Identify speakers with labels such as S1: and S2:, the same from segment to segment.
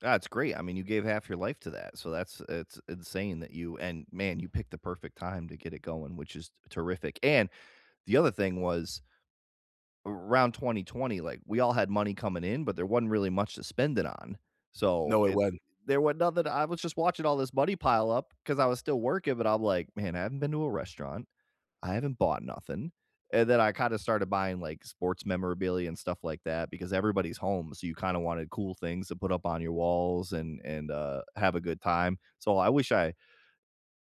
S1: That's great, I mean, you gave half your life to that, so that's it's insane that you and, man, you picked the perfect time to get it going, which is t terrific and, the other thing was around 2020, like, we all had money coming in, but there wasn't really much to spend it on. So,
S2: No, it
S1: it
S2: wasn't.
S1: there was nothing I was just watching all this money pile up, 'cause I was still working, but I'm like, "Man, I haven't been to a restaurant. I haven't bought nothing." And then, I kinda started buying, like, sports memorabilia, and stuff like that, because everybody's home, so you kinda wanted cool things to put up on your walls, and and, uh, have a good time. So I wish I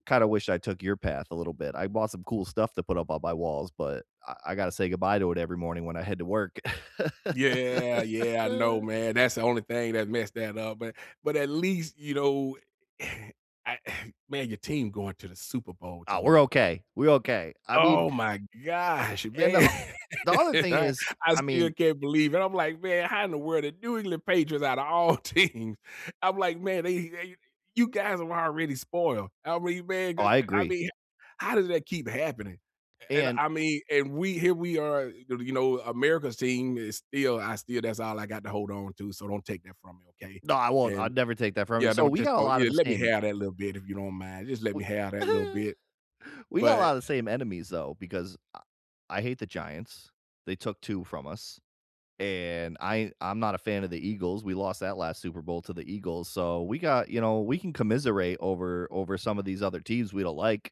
S1: kinda wish I took your path, a little bit. I bought some cool stuff to put up on my walls, but I I gotta say goodbye to it every morning when I head to work.
S2: Yeah, yeah, I know, man, that's the only thing that messed that up, but but at least, you know I man, your team going to the Super Bowl,
S1: Oh,
S2: dude.
S1: we're okay. We're okay. I mean
S2: Oh my gosh,
S1: and, uh
S2: man,
S1: o the other thing
S2: I
S1: is,
S2: I
S1: I
S2: still
S1: mean
S2: can't believe it. I'm like, "Man, how in the world the New England Patriots, out of all teams" I'm like, "Man, eh, you eh, you you guys are the ones already spoiled." I re man,
S1: Oh,
S2: I
S1: I
S2: I
S1: agree.
S2: mean how does that keep happening? A and
S1: And
S2: I mean, and we here we are, [unintelligible] you know, America's team is still I still that's all I got to hold on to, so don't take that from me, okay?
S1: No, I won't,
S2: And
S1: I'd never take that from you.
S2: yeah,
S1: So,
S2: don't
S1: we
S2: just
S1: got a
S2: oh,
S1: lot of
S2: yeah,
S1: the
S2: let me
S1: same
S2: have that little bit, if you don't mind. Just let
S1: We
S2: me have that little bit.
S1: we got a
S2: But, eh,
S1: lot of the
S2: uh
S1: same enemies, though, because I I hate the Giants. They took 2 from us, and I I'm not a fan of the Eagles, we lost that last Super Bowl to the Eagles, so we got you know, we can commiserate over over some of these other teams we don't like.